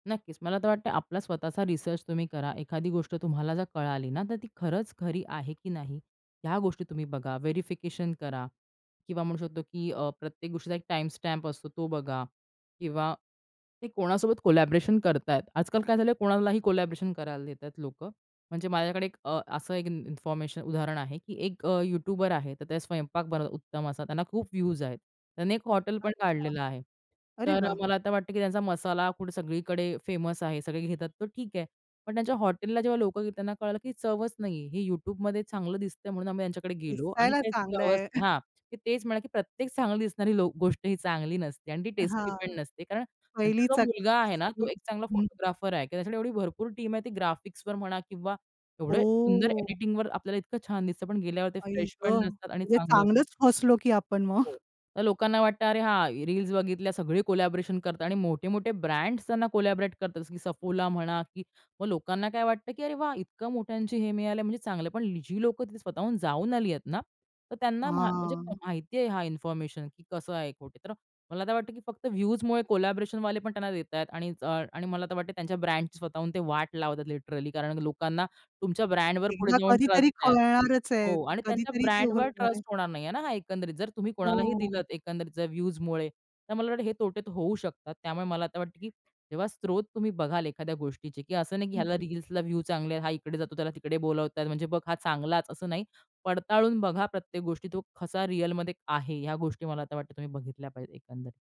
नक्कीच. मला तर वाटतंय आपला स्वतःचा रिसर्च तुम्ही करा. एखादी गोष्ट तुम्हाला जर कळाली ना तर "ती खरंच खरी आहे की नाही?" ह्या गोष्टी तुम्ही बघा. व्हेरिफिकेशन करा किंवा म्हणू शकतो की अ, प्रत्येक गोष्टीचा एक टाईमस्टॅम्प असतो, तो बघा. किंवा ते कोणासोबत कोलॅबोरेशन करतायेत. आजकाल काय झालं आहे कोणालाही कोलॅबोरेशन करायला देतायत लोकं. म्हणजे माझ्याकडे एक अ, असं एक इन इन्फॉर्मेशन उदाहरण आहे की एक अ, यूट्यूबर आहे. तर त्या स्वयंपाक बनवतात उत्तम असा. त्यांना खूप व्यूज आहेत. त्यानी एक हॉटेल पण अच्छा. काढलेलं आहे. अरे तर वाह! मला आता वाटतं की त्यांचा मसाला फूड सगळीकडे फेमस आहे. सगळे घेतात तर ठीक आहे. पण त्यांच्या हॉटेलला जेव्हा लोकं गेली त्यांना कळालं की चवच नाही आहे. हे YouTubeमध्ये चांगलं दिसतंय म्हणून आम्ही त्यांच्याकडे गेलो आणि दिसायला काही चांगलं चवच आहे. नाही हां. ते तेच म्हणाले की "प्रत्येक चांगली दिसणारी लो गोष्ट ही चांगली नसते आणि ती टेस्टी हां. पण नसते." कारण त्यांचा पहिलीच जो मुलगा [unintelligible] आहे ना तो सगळी एक चांगला हं. फोटोग्राफर आहे की त्याच्यासाठी एवढी भरपूर टीम आहे ती ग्राफिक्सवर म्हणा किंवा एवढं सुंदर ओ! एडिटिंगवर आपल्याला इतकं छान दिसतं पण गेल्यावर ते आई फ्रेश ग! पण नसतात आणि म्हणजे चांगलं चांगलंच फसलो की आपण मग. हो. तर लोकांना वाटतं अरे हां रील्स बघितल्या सगळे कोलॅबोरेशन करतात आणि मोठे-मोठे ब्रँड्स त्यांना कोलॅबोरेट करतात. जसं की Suffola म्हणा की मग लोकांना काय वाटतं की "अरे वाह! इतकं मोठ्यांची हे मिळालं आहे म्हणजे चांगलं आहे." पण जी लोकं तिथे स्वतःहून जाऊन आली आहेत ना तर त्यांना म्हा म्हणजे हां. माहिती आहे हा इन्फॉर्मेशन की कसं आहे तो? तर मला तर वाटतं की फक्त व्ह्यूजमुळे कोलॅबोरेशनवाले पण त्यांना देतायेत आणि अ, आणि मला तर वाटते त्यांच्या ब्रँडची स्वतःहून ते वाट लावतात लिटरली. कारण लोकांना तुमच्या ब्रँडवर पुढे एकदा जाऊन कधीतरी ट्रस्ट आहे. कळणारचं आहे. हो आणि त्यांच्या कधीतरी ते उघड ब्रँडवर होणार आहे. ट्रस्ट होणार नाहीये ना हां एकंदरीत. जर तुम्ही कोणालाही हो. दिलतं एकंदरीत जर व्ह्यूजमुळे. तर मला वाटतं हे तोटे तर होऊ शकतात. त्यामुळे मला आता वाटतं की जेव्हा स्रोत तुम्ही बघाल एखाद्या गोष्टीची की असं नाही की हं, ह्याला हं. रील्सला व्ह्यू चांगले आहेत. हा इकडे जातो त्याला तिकडे बोलावतायत म्हणजे बघ हा चांगलाच असं नाही. पडताळून बघा प्रत्येक गोष्टी. तो कसा रिअलमध्ये आहे. ह्या गोष्टी मला आता वाटतं तुम्ही बघितल्या पाहिजेत एकंदरीत.